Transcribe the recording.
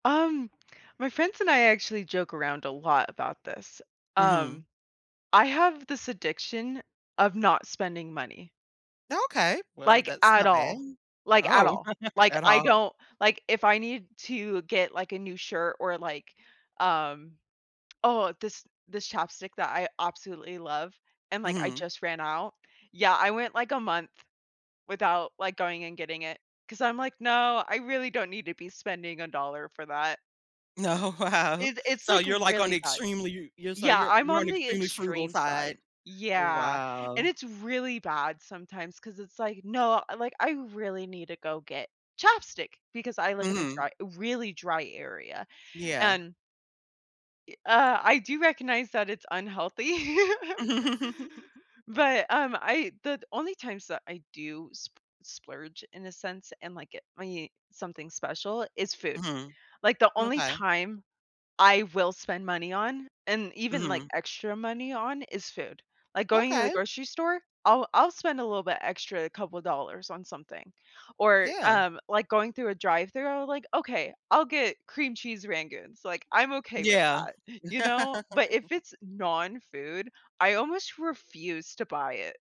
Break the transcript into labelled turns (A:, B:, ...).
A: Um, my friends and I actually joke around a lot about this,
B: Mhm.
A: um, I have this addiction of not spending money.
B: Okay, well,
A: Like,
B: that's
A: at
B: not bad
A: all. Like, at
B: oh
A: all, like,
B: at
A: I
B: all.
A: don't like, if I need to get, like, a new shirt or, like, um oh, this this ChapStick that I absolutely love, and like, I
B: Mhm.
A: just ran out yeah, I went, like, a month without, like, going and getting it, 'cause I'm, like, "No, I really don't need to be spending a dollar for that."
B: Oh, wow.
A: It it's,
B: So,
A: like,
B: you're, like, on
A: really
B: the
A: bad.
B: extremely you so,
A: Yeah,
B: you're
A: I'm
B: you're on
A: on
B: the
A: the
B: extremely frugal
A: extreme
B: side.
A: side
B: Oh,
A: yeah,
B: wow.
A: and it's really bad sometimes, 'cause it's, like, "No, like, I really need to go get ChapStick," because I live in a
B: Mhm.
A: dry really dry area,
B: Yeah.
A: and i uh, I do recognize that it's unhealthy. But, um, I the only times that I do sp splurge, in a sense, and, like, get me something special, is food.
B: Mhm.
A: Like, the only
B: M'kay.
A: time I will spend money on and even, like,
B: Mhm.
A: extra money on, is food, like, going to the
B: Okay.
A: grocery store, I'll I'll spend a little bit extra, a couple dollars on something, or,
B: Yeah.
A: um, like, going through a drive-through I'll be like, "Okay, I'll get cream cheese rangoons," like, "I'm okay with
B: Yeah.
A: that," you know? But, if it's non-food, I almost refuse to buy it.